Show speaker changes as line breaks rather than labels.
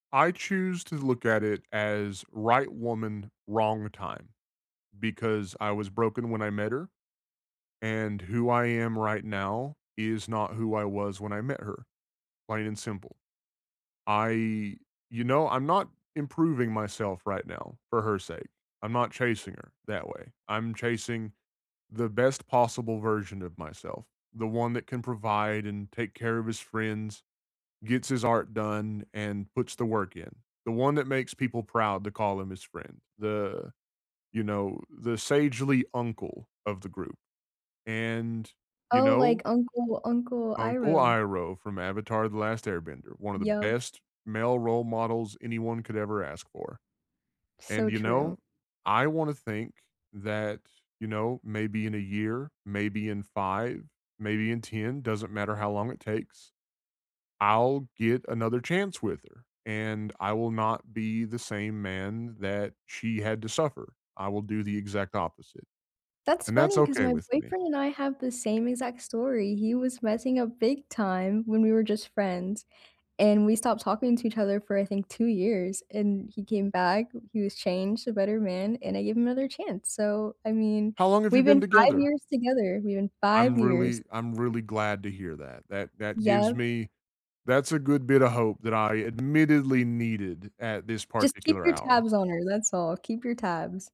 I choose to look at it as: right woman, wrong time, because I was broken when I met her, and who I am right now, is not who I was when I met her. Plain and simple. I you know, I'm not improving myself right now for her sake. I'm not chasing her that way. I'm chasing the best possible version of myself. The one that can provide and take care of his friends, gets his art done, and puts the work in. The one that makes people proud to call him his friend. The you know, the sagely uncle of the group, and, you
Oh, like
know
Uncle Uncle
Uncle
Iroh.
Iroh from Avatar: The Last Airbender, one of the
Yep.
best male role models anyone could ever ask for, and,
So
you
true.
know, I wanna think that, you know, maybe in a year, maybe in 5, maybe in 10 - doesn't matter how long it takes- I'll get another chance with her, and I will not be the same man that she had to suffer. I will do the exact opposite,
That's
and that's
funny, 'cause
okay
my
with me.
boyfriend and I have the same exact story. He was messing up big time when we were just friends, and we stopped talking to each other for, I think, 2 years, and he came back, he was changed, a better man, and I gave him another chance, so, I mean,
How long have you
we've
been
been 5
together?
years together. We've been 5
I'm
years.
really I'm really glad to hear that. That that gives
Yep.
me that's a good bit of hope that I admittedly needed at this
Just keep
particular
your
hour.
tabs on her, that's all. Keep your tabs.